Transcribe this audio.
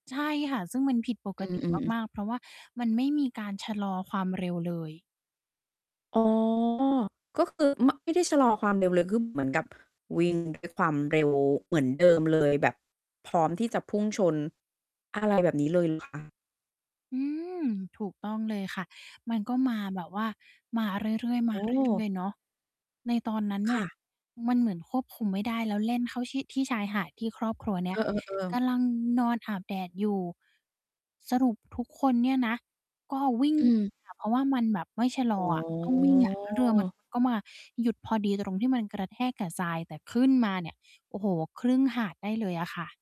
ใช่ค่ะ ซึ่งมันผิดปกอติ ือ ๆ มาก ๆ เพราะว่ามันไม่มีการชะลอความเร็วเลย อ๋อ ก็คือ ไม่ ไม่ชะลอความเร็วเลย คือ เหมือน กับ วิ่งด้วย ความเร็วเหมือนเดิมเลย แบบพร้อมที่จะพุ่งชน อะไรแบบนี้เลย เหรอคะ? อืม ถูกต้องเลยค่ะ มันก็มาแบบว่ามาเรื่อย ๆ มอา ๋เรื่ออ ย ๆ เนาะ ในตอนนั้นเคนี่ย ่ะ มันเหมือนควบคุมไม่ได้แล้ว แล่นเข้าที่ ที่ชายหาดที่ครอบครัวเนี่เย ออ ๆ กๆ ำลังนอนอาบแดดอยู่ สรุป ทุกคนเนี่ยนะ ก็ วิ่ง อืม อะ เพราะว่ามันแบบไม่ ชะลออ๋อะ ต้องวิ่งอะ เรือมันอ ก็มาหยุดพอดีตรงที่มันกระแทกกับทราย แต่ขึ้นมาเนี่ย โอ้โฮ ครึ่งหาดได้เลยอะค่ะ